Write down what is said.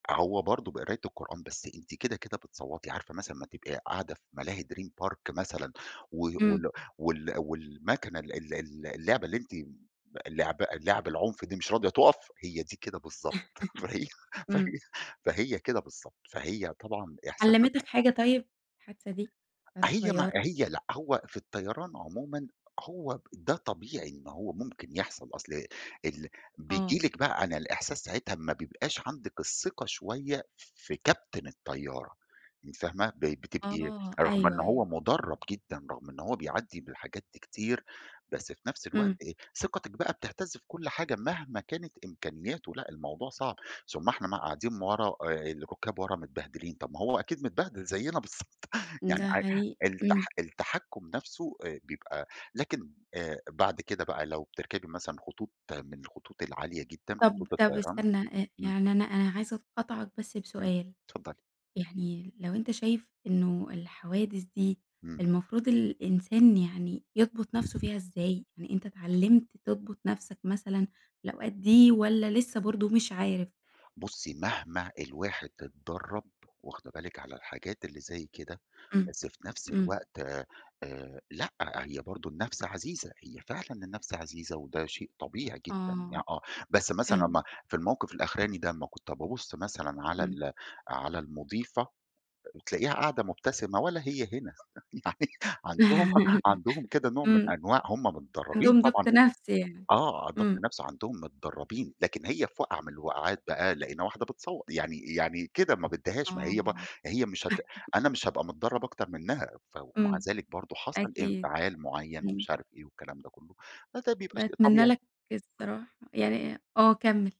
أ هو برضه بقراية القُرآن، بس أنتِ كده، كده بتصوّتي، عارفة مثلًا اما تبقي قاعدة في ملاهي Dream Park مثلًا، و إمم. وال وال وال المَكَنة ال ال ال اللعبة اللي أنتِ اللعبة اللعب العُنف دي مش راضية تُقف، هي دي كده بالضبط، فهي فهي إمم. فهي كده بالضبط، فهي طبعًا إحساس علمتك حاجة طيب، الحادثة دي، بتاعة هي ما الطيارة؟ هي لأ، هو في الطيران عُمومًا هو ده طبيعي إن هو ممكن يحصل، أصل ال بييجي آه. لِكِ بقى عن الإحساس ساعتها ما بيبقاش عندِك الثِّقَة شوية ف في كابتن الطيارة، أنتِ فاهمة، ب بتبقي آه، رغم إن أيوه، هو أيوه. مُدَرَّب جدًا، رغم إن هو بيعدِّي بالحاجات دي كتير، بس في نفس الوقت إمم. إيه، ثقتِك بقى بتهتزّ في كُلّ حاجة مهما كانت إمكانياتُه لأ، الموضوع صعب، ثم إحنا مقعّدين م ورا، آآ الرُّكَّاب ورا متبهدلين، طب ما هو أكيد متبهدل زيِّنا بالضبط، يعني ده عاي حقيقي، الت إمم. التَّحكُّم نفسُه آآ بيبقى لكن، آآ بعد كده بقى لو بِتركبي مثلًا خطوط من الخطوط العالية جدًا، طب خطوط طب الطيران استنى، آآ إمم. يعني أنا عايزة أقاطعك بس إمم، بسؤال، اتفضلي. يعني لو أنت شايف إنه الحوادث دي، إمم. المفروض الإنسان يعني يضبط نفسه فيها إزاي؟ يعني أنت اتعلَّمت تضبط نفسك مثلًا، الأوقات دي والّا لسه برضه مش عارف؟ بُصّي مهما الواحد اتدرَّب- واخده بالِك- على الحاجات اللي زي كده، إمم، بس في نفس إمم. الوقت آآ لأ، هي برضه النَّفْس عزيزة، هي فعلًا النَّفْس عزيزة، وده شيء طبيعي جدًا، ي آه، آه، بس مثلًا حلو. اما في الموقف الأخراني ده، لمّا كنت بَابُصّ مثلًا على إمم. ال على المُضيفة ت تلاقيها قاعدة مُبتسمة ولا هي هنا، يعني عندهم عندهم كده نوع من إمم، أنواع هُم متدرَّبين عندهم طبعًا ضبط نفس يعني، آه، ضبط إمم. نفس عندهم، متدربين، لكن هي في واقعة من الوقعات بقى لقينا واحدة بتصَوَّت، يعني يعني كده، ما بدهاش، ما هي ب آه. هي مش هت أنا مش هابقى متدرّب أكتر منها، فو مع إمم، ذلك برضه حصل أكيد، انفعال مُعيّن إمم. ومش عارف إيه والكلام ده كُلّه، فده بيبقى شيء باتمنى طبيعي. لك الصراحة يعني آه، كمّل.